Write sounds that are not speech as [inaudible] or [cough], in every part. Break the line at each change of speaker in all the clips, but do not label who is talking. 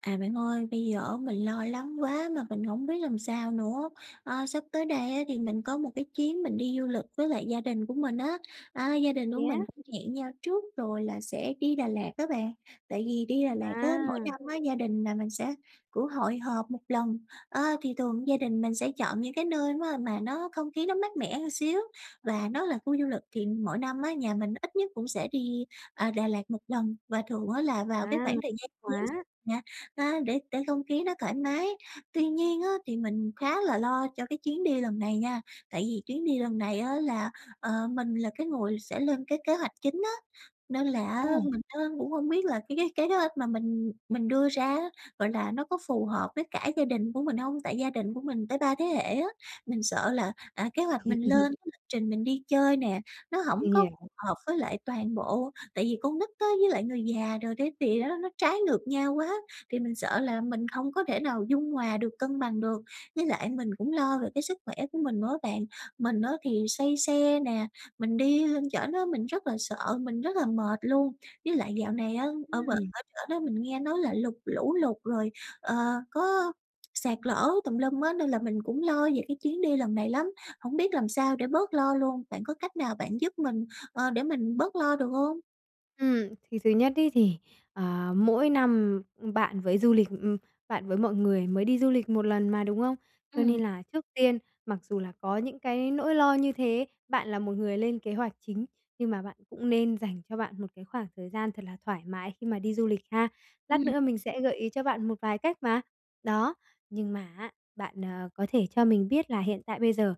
À bạn ơi, bây giờ á mình lo lắng quá mà mình hổng biết làm sao nữa. Ờ, sắp tới đây á thì mình có một cái chuyến mình đi du lịch với lại gia đình của mình á. À, gia đình của
Vậy
mình
á?
cũng hẹn nhau trước rồi là sẽ đi Đà Lạt á bạn. Tại vì đi Đà Lạt á, mỗi
À!
năm á, gia đình nhà mình sẽ cũng hội họp một lần. A, thì thường gia đình mình sẽ chọn những cái nơi á mà nó không khí nó mát mẻ một xíu và nó là khu du lịch. Thì mỗi năm á, nhà mình ít nhất cũng sẽ đi, à, Đà Lạt một lần và thường á là vào cái
À,
khoảng thời gian
thích
Giáng sinh
quá!
nè, à, để để không khí nó thoải mái. Tuy nhiên á, thì mình khá là lo cho cái chuyến đi lần này nha. Tại vì chuyến đi lần này á là, ờ, mình là cái người sẽ lên cái kế hoạch chính á, nên là á
Ồ!
mình á cũng không biết là cái cái kế hoạch mà mình mình đưa ra á, gọi là, nó có phù hợp với cả gia đình của mình hông? Tại gia đình của mình tới 3 thế hệ á. Mình sợ là, à, kế hoạch mình lên,
[laughs]
lịch trình mình đi chơi nè, nó hổng
Mình
có
hiểu.
phù hợp với lại toàn bộ. Tại vì con nít á, với lại người già rồi cái gì á nó trái ngược nhau quá, thì mình sợ là mình không có thể nào dung hòa được, cân bằng được. Với lại mình cũng lo về cái sức khỏe của mình nữa á bạn. Mình á thì say xe nè, mình đi lên trển á mình rất là sợ, mình rất là mệt luôn. Với lại dạo này á, ở bển
Ừm.
ở trển á mình nghe nói là lụt lũ lụt rồi, ờ, có sạt lở tùm lum á, nên là mình cũng lo về cái chuyến đi lần này lắm. Hổng biết làm sao để bớt lo luôn. Bạn có cách nào bạn giúp mình, ờ, để mình bớt lo được hông?
Ừm, thì thứ nhất ý, thì, ờ, mỗi năm bạn với du lịch ừm, bạn với mọi người mới đi du lịch một lần mà, đúng hông? Cho
Ừm.
nên là trước tiên, mặc dù là có những cái nỗi lo như thế, bạn là một người lên kế hoạch chính, nhưng mà bạn cũng nên dành cho bạn một cái khoảng thời gian thật là thoải mái khi mà đi du lịch ha. Lát
Ừm.
nữa mình sẽ gợi ý cho bạn một vài cách mà. Đó, nhưng mà á, bạn, à, có thể cho mình biết là hiện tại bây giờ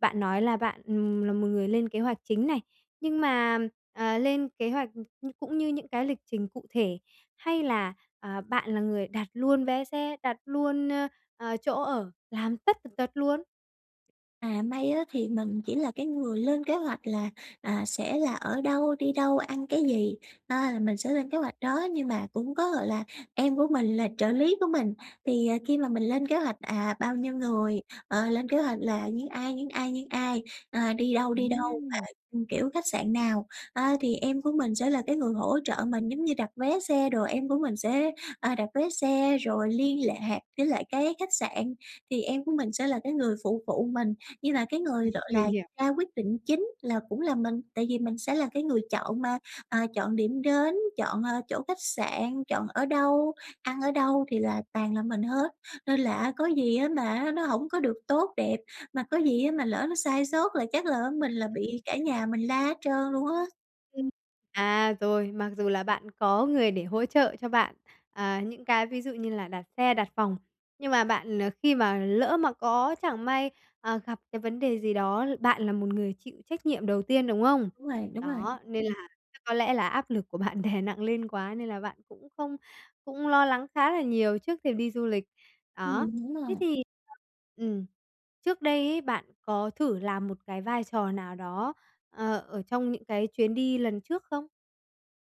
bạn nói là bạn, ừm, là một người lên kế hoạch chính này, nhưng mà, à, lên kế hoạch c cũng như những cái lịch trình cụ thể? Hay là, à, bạn là người đặt luôn vé xe, đặt luôn, ờ, chỗ ở, làm tất tần tật luôn?
À may á, thì mình chỉ là cái người lên kế hoạch là, à, sẽ là ở đâu, đi đâu, ăn cái gì, à, là mình sẽ lên kế hoạch đó. Nhưng mà cũng có gọi là em của mình là trợ lý của mình. Thì khi mà mình lên kế hoạch, à, bao nhiêu người, ờ, lên kế hoạch là những ai, những ai, những ai, à, đi đâu, đi đâu,
Ừm.
ờ, kiểu, khách sạn nào. Ờ, thì em của mình sẽ là cái người hỗ trợ mình, giống như đặt vé xe đồ, em của mình sẽ, à, đặt vé xe, rồi liên lạc với lại cái khách sạn, thì em của mình sẽ là cái người phụ phụ mình. Nhưng mà cái người gọi là
Mình hiểu.
ra quyết định chính là cũng là mình, tại vì mình sẽ là cái người chọn mà, ờ, chọn điểm đến, chọn, ờ, chỗ khách sạn, chọn ở đâu, ăn ở đâu, thì là toàn là mình hết. Nên là á, có gì, á, mà nó hổng có được tốt đẹp, mà có gì, á, mà lỡ nó sai sót là chắc là, ờ, mình là bị
Ừm.
cả nhà mình la hết trơn luôn á.
Ừm. À, rồi. Mặc dù là bạn có người để hỗ trợ cho bạn, à, những cái ví dụ như là đặt xe, đặt phòng, nhưng mà bạn, ờ, khi mà lỡ mà có chẳng may, ờ, gặp cái vấn đề gì đó, bạn là một người chịu trách nhiệm đầu tiên, đúng không?
Đúng rồi, đúng rồi.
Đó, nên là chắc có lẽ là áp lực của bạn đè nặng lên quá, nên là bạn cũng không cũng lo lắng khá là nhiều trước khi đi du lịch. Đó.
Ừm, đúng
Thế
rồi.
thì ừm, trước đây ấy, bạn có thử làm một cái vai trò nào đó, ờ, ở trong những cái chuyến đi lần trước không?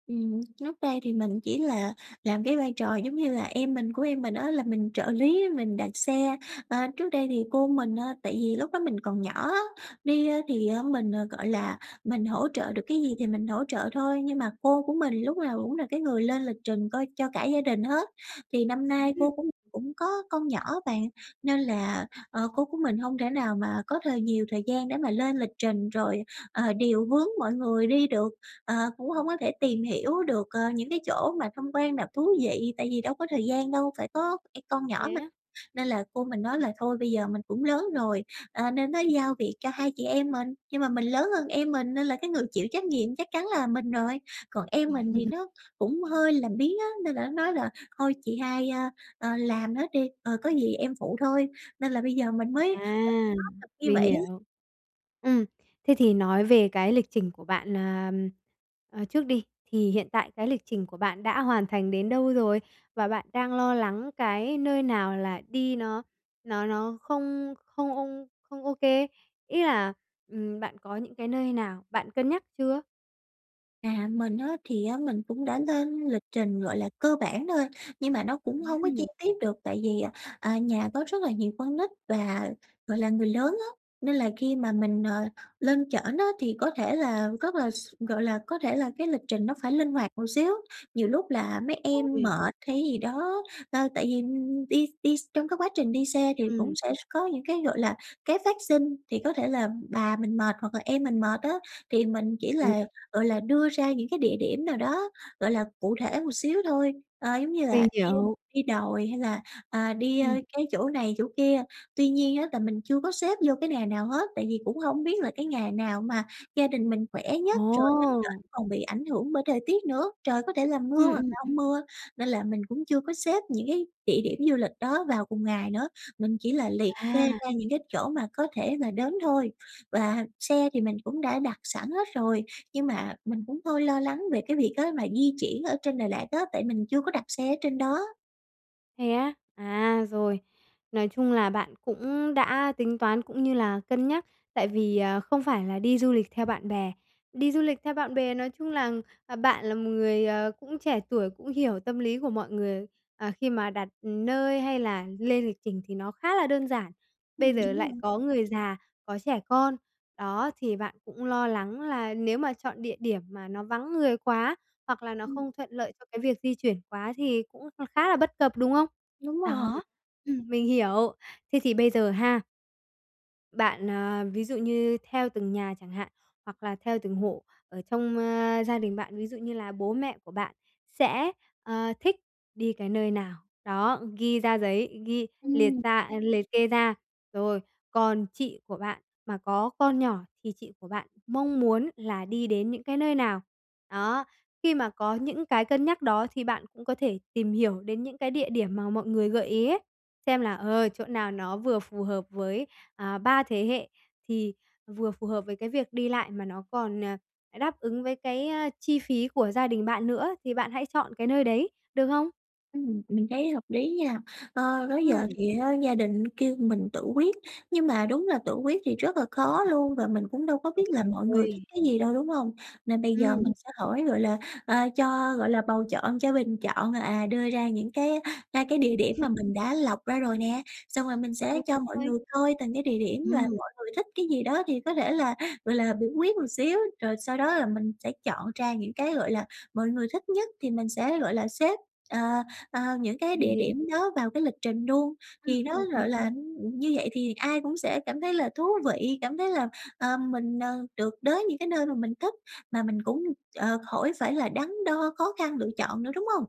Ừm, trước đây thì mình chỉ là làm cái vai trò giống như là em mình của em mình á, là mình trợ lý, mình đặt xe. Ờ, trước đây thì cô mình á tại vì lúc đó mình còn nhỏ á, đi thì, à, mình, gọi là, mình hỗ trợ được cái gì thì mình hỗ trợ thôi. Nhưng mà cô của mình lúc nào cũng là cái người lên lịch trình coi cho cả gia đình hết, thì năm nay cô
[unintelligible]
cũng cũng có con nhỏ á bạn. Nên là, ờ, cô của mình hông thể nào mà có thời nhiều thời gian để mà lên lịch trình, rồi, ờ, điều hướng mọi người đi được, ờ, cũng hông có thể tìm hiểu được, ờ, những cái chỗ mà tham quan nào thú vị, tại vì đâu có thời gian đâu, phải có phải con nhỏ
Thế
mà.
á.
Nên là cô mình nói là thôi bây giờ mình cũng lớn rồi, ờ, nên nói giao việc cho hai chị em mình. Nhưng mà mình lớn hơn em mình, nên là cái người chịu trách nhiệm chắc chắn là mình rồi, còn em mình thì
[laughs]
nó cũng hơi làm biếng á, nên là nó nói là "Thôi chị hai, ơ, ờ, làm hết đi, ờ, có gì em phụ thôi." Nên là bây giờ mình mới, gọi là,
À,
áp lực như
mình
vậy ấy.
hiểu. Ừm, thế thì nói về cái lịch trình của bạn, ờ, ờ, trước đi, thì hiện tại cái lịch trình của bạn đã hoàn thành đến đâu rồi? Và bạn đang lo lắng cái nơi nào là đi nó nó nó không không không ô kê? Ý là ừm, bạn có những cái nơi nào bạn cân nhắc chưa?
À, mình á thì mình cũng đã lên lịch trình, gọi là, cơ bản thôi nhưng mà nó cũng hông có chi
Ừm.
tiết được. Tại vì, à, nhà có rất là nhiều con nít và, gọi là, người lớn á, nên là khi mà mình, ờ, lên trển á thì có thể là rất là x gọi là, có thể là cái lịch trình nó phải linh hoạt một xíu. Nhiều lúc là mấy em mệt
[unintelligible]
hay cái gì đó, ờ, tại vì đi đi x trong cái quá trình đi xe thì cũng
Ừm.
sẽ s có những cái, gọi là, cái phát sinh, thì có thể là bà mình mệt hoặc là em mình mệt á, thì mình chỉ
Ừ.
là, gọi là, đưa ra những cái địa điểm nào đó, gọi là, cụ thể một xíu thôi, ờ, giống như là
Mình
đi
hiểu.
đi đồi hay là, à, đi, ơ,
Ừm.
cái chỗ này chỗ kia. Tuy nhiên á là mình chưa có xếp vô cái nà nào hết, tại vì cũng hông biết là cái ngày nào mà gia đình mình khỏe nhất, rồi lên
Ồ!
trển còn bị ảnh hưởng bởi thời tiết nữa, trời có thể là mưa
Ừm,
hoặc
ừm,
là
ừ.
hông mưa. Nên là mình cũng chưa có xếp những cái địa điểm du lịch đó vào cùng ngày nữa, mình chỉ là liệt kê
À.
ra những cái chỗ mà có thể là đến thôi, và xe thì mình cũng đã đặt sẵn hết rồi. Nhưng mà mình cũng hơi lo lắng về cái việc á mà di chuyển ở trên Đà Lạt á, tại mình chưa có đặt xe ở trên đó.
Thế á? À, rồi. Nói chung là bạn cũng đã tính toán, cũng như là cân nhắc. Tại vì, à, không phải là đi du lịch theo bạn bè. Đi du lịch theo bạn bè, nói chung là, à, bạn là một người, ờ, cũng trẻ tuổi, cũng hiểu tâm lý của mọi người, ờ, khi mà đặt nơi hay là lên lịch trình thì nó khá là đơn giản. Bây
Ừm,
giờ
đúng rồi.
lại có người già, có trẻ con, đó, thì bạn cũng lo lắng là nếu mà chọn địa điểm mà nó vắng người quá hoặc là nó
Ừm.
không thuận lợi cho cái việc di chuyển quá thì cũng kh khá là bất cập, đúng không?
Đúng rồi.
Đó, ừm, mình hiểu. Thế thì, bây giờ ha bạn ờ, ví dụ như theo từng nhà chẳng hạn, hoặc là theo từng hộ ở trong, ơ, gia đình bạn, ví dụ như là bố mẹ của bạn sẽ, ờ, thích đi cái nơi nào, đó, ghi ra giấy, ghi liệt
Ừm.
ra liệt kê ra. Rồi, còn chị của bạn mà có con nhỏ thì chị của bạn mong muốn là đi đến những cái nơi nào. Đó, khi mà có những cái cân nhắc đó, thì bạn cũng có thể tìm hiểu đến những cái địa điểm mà mọi người gợi ý ấy, xem là, ờ, chỗ nào nó vừa phù hợp với, à, 3 thế hệ, thì vừa phù hợp với cái việc đi lại, mà nó còn, ờ, đáp ứng với cái, ơ, chi phí của gia đình bạn nữa thì bạn hãy chọn cái nơi đấy, được không?
Ừm, mình thấy hợp lý nha. Ơ, đó
Ừm.
giờ thì á gia đình kêu mình tự quyết, nhưng mà đúng là tự quyết thì rất là khó luôn và mình cũng đâu có
Đúng
biết là mọi người thích
rồi!
cái gì đâu, đúng hông? Nên bây giờ mình
Ừm.
sẽ hỏi, gọi là, ờ, cho, gọi là, bầu chọn, cho bình chọn, à, đưa ra những cái, a, cái địa điểm
[unintelligible]
mà mình đã lọc ra rồi nè, xong rồi mình
Đúng
sẽ cho mọi
rồi.
người coi từng cái địa điểm là
Ừm.
mọi người thích cái gì đó, thì có thể là, gọi là, biểu quyết một xíu. Rồi sau đó là mình sẽ chọn ra những cái, gọi là, mọi người thích nhất thì mình sẽ, gọi là, xếp, ờ, ờ, những cái
Mình
địa
hiểu.
điểm đó vào cái lịch trình luôn.
Ừm,
Thì nó
ừm, ừm.
gọi là, như vậy thì ai cũng sẽ cảm thấy là thú vị, cảm thấy là, ờ, mình, ờ, được đới những cái nơi mà mình thích, mà mình cũng, ờ, khỏi phải là đắn đo, khó khăn lựa chọn nữa, đúng hông?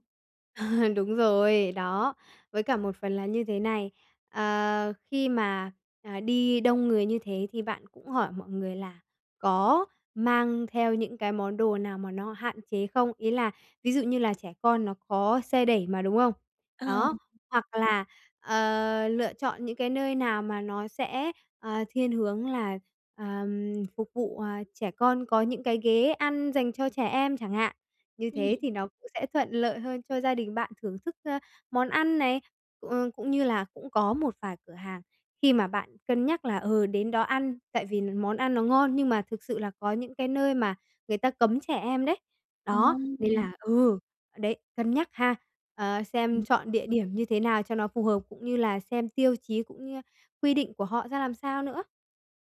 [laughs] Đúng rồi, đó. Với cả một phần là như thế này, ờ, khi mà, à, đi đông người như thế thì bạn cũng hỏi mọi người là có mang theo những cái món đồ nào mà nó hạn chế không? Ý là, ví dụ, như là trẻ con nó có xe đẩy mà, đúng không?
Ờ.
Đó, hoặc là, ờ, lựa chọn những cái nơi nào mà nó sẽ, ờ, thiên hướng là, ờm, phục vụ, à, trẻ con có những cái ghế ăn dành cho trẻ em chẳng hạn. Như
Ừm.
thế thì nó cũng sẽ thuận lợi hơn cho gia đình bạn thưởng thức, ơ, món ăn này. Cũng cũng như là, cũng có một vài cửa hàng khi mà bạn cân nhắc là, ừ, đến đó ăn, tại vì món ăn nó ngon, nhưng mà thực sự là có những cái nơi mà người ta cấm trẻ em đấy.
Thật
Đó,
hông
nên
vậy?
là ừ, đấy, cân nhắc ha, ờ, xem
Ừm.
chọn địa điểm như thế nào cho nó phù hợp, cũng như là xem tiêu chí, cũng như quy định của họ ra làm sao nữa.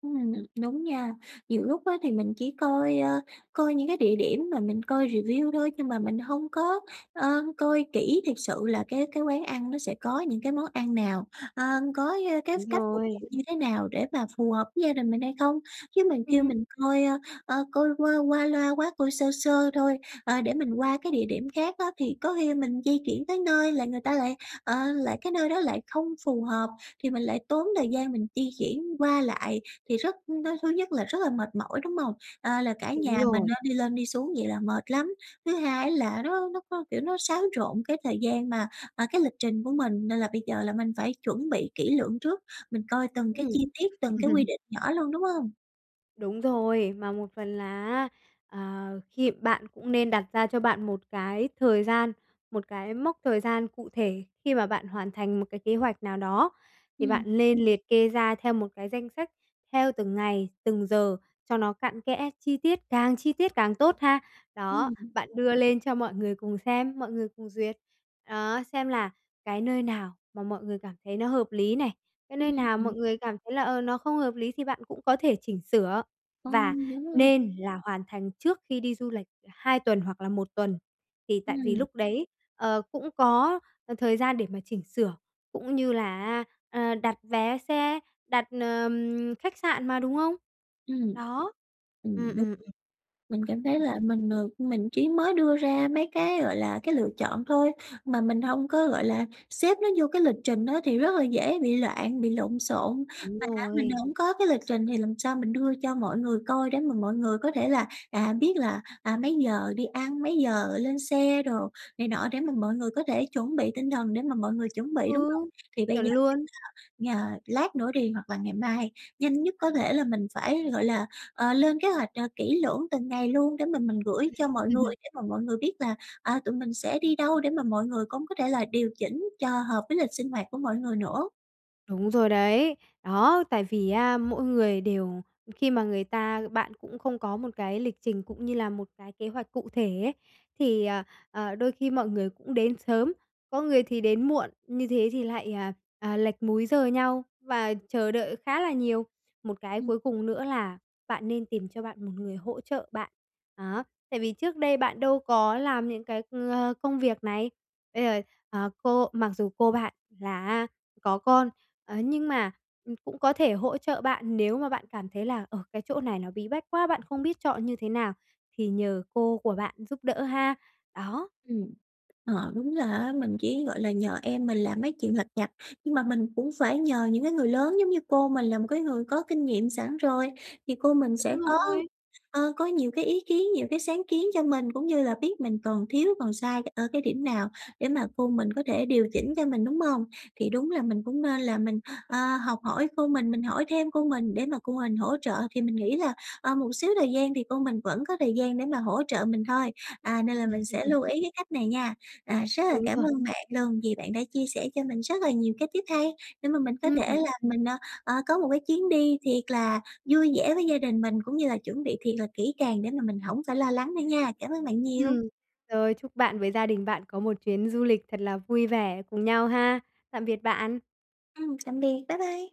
Ừm, đúng nha. Nhiều lúc á thì mình chỉ coi, ờ, coi những cái địa điểm mà mình coi review thôi, nhưng mà mình hông có, ờ, coi kỹ thiệt sự là cái cái quán ăn nó sẽ có những cái món ăn nào, ờ, có, ờ, cái
Đúng
cách phục
rồi.
vụ như thế nào để mà phù hợp với gia đình mình hay không. Chứ mà kêu
Ừm.
mình coi, ờ, coi qua qua loa quá, coi sơ sơ thôi, ờ, để mình qua cái địa điểm khác á, thì có khi mình di chuyển tới nơi là người ta lại, ờ, lại cái nơi đó lại không phù hợp, thì mình lại tốn thời gian mình di chuyển qua lại, thì rất nó thứ nhất là rất là mệt mỏi, đúng hông? Ờ, là cả
Đúng
nhà mình,
rồi.
à, đi lên đi xuống vậy là mệt lắm. Thứ hai á là nó nó có, kiểu, nó xáo trộn cái thời gian mà, à, cái lịch trình của mình. Nên là bây giờ là mình phải chuẩn bị kỹ lưỡng trước, mình coi từng cái
Ừm.
chi tiết, từng cái quy
[laughs]
định nhỏ luôn, đúng hông?
Đúng rồi, mà một phần là á, ờ, khi bạn cũng nên đặt ra cho bạn một cái thời gian, một cái mốc thời gian cụ thể khi mà bạn hoàn thành một cái kế hoạch nào đó. Thì
Ừm.
bạn lên liệt kê ra theo một cái danh sách, theo từng ngày, từng giờ cho nó cặn kẽ, chi tiết, càng chi tiết càng tốt ha. Đó,
Ừm.
bạn đưa lên cho mọi người cùng xem, mọi người cùng duyệt. Đó, xem là cái nơi nào mà mọi người cảm thấy nó hợp lý này, cái
Ừ,
nơi
ừ,
nào mọi
ừm.
người cảm thấy là, ờ, nó không hợp lý thì bạn cũng có thể chỉnh sửa.
Ờ,
Và
đúng rồi.
nên là hoàn thành trước khi đi du lịch 2 tuần hoặc là 1 tuần, thì tại vì
Ừm.
lúc đấy, ờ, cũng có thời gian để mà chỉnh sửa, cũng như là á, ờ, đặt vé xe, đặt, ờm, khách sạn mà, đúng không?
Ừm.
Đó, ừm,
Ừm, đúng.
ừm, ừm.
Mình cảm thấy là mình, ờ, mình chỉ mới đưa ra mấy cái, gọi là, cái lựa chọn thôi, mà mình hông có, gọi là, xếp nó vô cái lịch trình đó, thì rất là dễ bị loạn, bị lộn xộn.
Đúng
Mà á mình
rồi.
hổng có cái lịch trình thì làm sao mình đưa cho mọi người coi, để mà mọi người có thể là, à, biết là, à, mấy giờ đi ăn, mấy giờ lên xe đồ này nọ, để mà mọi người có thể chuẩn bị tinh thần, để mà mọi người chuẩn bị, đúng hông?
Ừ.
Thì bây
Chuẩn
giờ,
luôn!
ờ, lát nữa đi hoặc là ngày mai, nhanh nhất có thể là mình phải, gọi là, ờ, lên kế hoạch, ờ, kỹ lưỡng từng ngày luôn, để mà mình gửi cho mọi người
[laughs]
để mà mọi người biết là, à, tụi mình sẽ đi đâu, để mà mọi người cũng có thể là điều chỉnh cho hợp với lịch sinh hoạt của mọi người nữa.
Đúng rồi đấy. Đó, tại vì á mỗi người đều khi mà người ta bạn cũng không có một cái lịch trình cũng như là một cái kế hoạch cụ thể ấy, thì, ờ, ờ, đôi khi mọi người cũng đến sớm, có người thì đến muộn, như thế thì lại, à, à, lệch múi giờ nhau và chờ đợi khá là nhiều. Một cái
Ừm.
cuối cùng nữa là bạn nên tìm cho bạn một người hỗ trợ bạn, đó. Tại vì trước đây bạn đâu có làm những cái, ờ, công việc này. Bây giờ, ờ, cô mặc dù cô bạn là á có con, ờ, nhưng mà cũng có thể hỗ trợ bạn nếu mà bạn cảm thấy là, ờ, cái chỗ này nó bí bách quá, bạn không biết chọn như thế nào, thì nhờ cô của bạn giúp đỡ ha. Đó.
Ừm. Ờ, đúng là á, mình chỉ gọi là nhờ em mình làm mấy chuyện lặt vặt. Nhưng mà mình cũng phải nhờ những cái người lớn giống như cô mình là một cái người có kinh nghiệm sẵn rồi, thì cô mình sẽ
Đúng
có,
rồi.
ờ, có nhiều cái ý kiến, nhiều cái sáng kiến cho mình, cũng như là biết mình còn thiếu, còn sai ở cái điểm nào để mà cô mình có thể điều chỉnh cho mình, đúng hông? Thì đúng là mình cũng nên là mình, ờ, học hỏi cô mình, mình hỏi thêm cô mình để mà cô mình hỗ trợ. Thì mình nghĩ là, ờ, một xíu thời gian thì cô mình vẫn có thời gian để mà hỗ trợ mình thôi. À, nên là mình sẽ
[laughs]
lưu ý cái cách này nha. À, rất là
Đúng
cảm
rồi.
ơn bạn luôn vì bạn đã chia sẻ cho mình rất là nhiều cái tip hay để mà mình có thể
Ừm.
là mình, ờ, ờ, có một cái chuyến đi thiệt là vui vẻ với gia đình mình, cũng như là chuẩn bị thiệt là kỹ càng để mà mình hổng phải lo lắng nữa nha. Cảm ơn bạn nhiều.
Ừm. Rồi, chúc bạn với gia đình bạn có một chuyến du lịch thật là vui vẻ cùng nhau ha. Tạm biệt bạn!
Ừm, tạm biệt, bye bye!